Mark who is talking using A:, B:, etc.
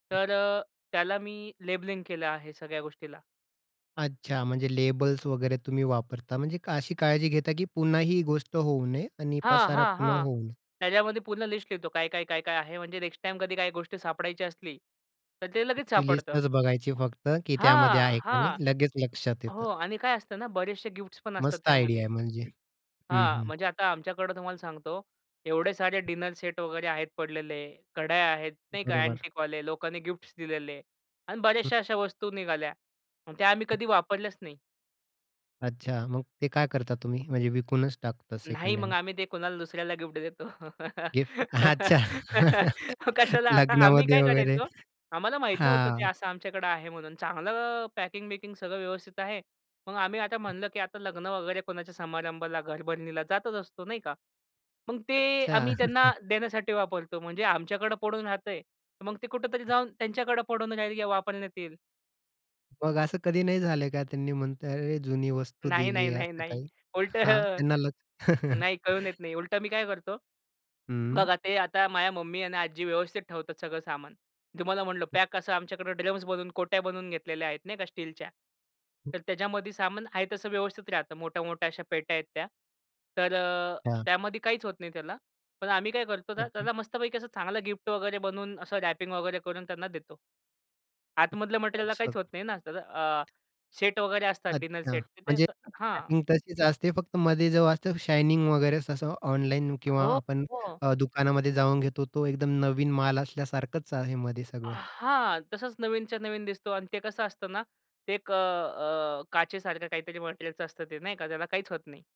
A: तर अ, त्याला मी लेबलिंग केलं आहे सगळ्या गोष्टीला.
B: अच्छा. म्हणजे लेबल्स वगैरे तुम्ही वापरता म्हणजे अशी काळजी घेता, की पुन्हा ही गोष्ट होऊ नये आणि
A: हां,
B: पसारा
A: हां,
B: पुन्हा
A: हां.
B: होऊ नये.
A: त्याच्यामध्ये पूर्ण लिस्ट लिहतो. काय, काय, काय, काय आहे? म्हणजे नेक्स्ट टाईम कधी काही गोष्टी सापडायची असली, तर ते लगेच
B: ती
A: सापडतं.
B: लिस्टच बघायची फक्त, की त्यामध्ये
A: हां,
B: आहे का नाही.
A: हां.
B: लगेच लक्षात येतं.
A: हो. आणि काय असतं ना? बरेचसे गिफ्ट्स पण असतात
B: मस्त आयडिया
A: त्यामध्ये.
B: आहे म्हणजे. हं,
A: हां.
B: हं.
A: म्हणजे आता आमच्याकडे तुम्हाला सांगतो एवढे सारे डिनर सेट वगैरे आहेत पडलेले, कडया आहेत नाही का?
B: बरोबर.
A: अँटिकवाले लोकांनी गिफ्ट्स दिलेले आणि
B: हं.
A: बऱ्याचश्या अश्या वस्तू निघाल्या. मग त्या आम्ही
B: हं.
A: कधी वापरल्याच नाही.
B: अच्छा. मग ते का करता तुम्ही? म्हणजे विकूनच टाकतात
A: नाही.
B: सेकंड
A: मग
B: हँड.
A: आम्ही ते कुणाला दुसऱ्याला गिफ्ट देतो.
B: गिफ्ट. अच्छा.
A: मग कशाला आता आम्ही
B: लग्नामध्ये
A: काय
B: वगैरे.
A: करायचो? आम्हाला माहीत नव्हतं
B: हां.
A: ते असं आमच्याकडं आहे म्हणून चांगलं पॅकिंग-बिकिंग सगळं व्यवस्थित आहे. मग आम्ही आता म्हणलं, की आता लग्न वगैरे, कोणाच्या समारंभाला, घरभरणीला जातच असतो नाही का? मग ते
B: अच्छा.
A: आम्ही त्यांना देण्यासाठी वापरतो. म्हणजे आमच्याकडे पडून राहतंय. मग ते कुठेतरी जाऊन त्यांच्याकडे पडून राहिल या वापरण्यात येईल.
B: मग असं कधी नाही झालंय का? त्यांनी म्हणत, "अरे! जुनी वस्तू
A: नाही, नाही,
B: दिली आहे
A: नाही,
B: असं
A: नाही.
B: काही?"
A: उलट
B: हा. त्यांना लक्ष
A: नाही कळून येत नाही. उलट मी काय करतो?
B: हं.
A: बघा ते आता माझ्या मम्मी आणि आजी व्यवस्थित ठेवतात सगळं सामान. तुम्हाला म्हटलं पॅक असं आमच्याकडे ड्रम्स बनवून, कोट्या बनवून घेतलेल्या आहेत नाही का स्टीलच्या.
B: हं.
A: तर त्याच्यामध्ये सामान आहे तसं व्यवस्थित राहतं. मोठ्या, मोठ्या अश्या पेट्या आहेत त्या. तर अ,
B: हां.
A: त्यामध्ये काहीच होत नाही त्याला. पण आम्ही काय करतो?
B: अच्छा.
A: त्याला मस्तपैकी असं चांगला गिफ्ट वगैरे बनवून असं रॅपिंग वगैरे करून त्यांना देतो. आतमधलं मटेरिअला
B: अच्छा.
A: काहीच होत नाही ना, त्याज अ, सेट वगैरे असतात डिनर
B: अच्छा.
A: सेट तिथे
B: म्हणजे
A: तर हां.
B: पॅकिंग तशीच असते. फक्त मध्ये जो असतं शायनिंग वगैरे तसं ऑनलाईन किंवा
A: हो,
B: आपण
A: हो.
B: अ, दुकानामध्ये जाऊन घेतो. तो एकदम नवीन माल असल्यासारखंच आहे मध्ये सगळं.
A: हां. तसंच नवीनच्या नवीन दिसतो आणि ते कसं असतं ना, ते एक अ, अ, काचेसारखं काहीतरी मटेरिअलचं असतं ते नाही का? त्याला काहीच होत नाही.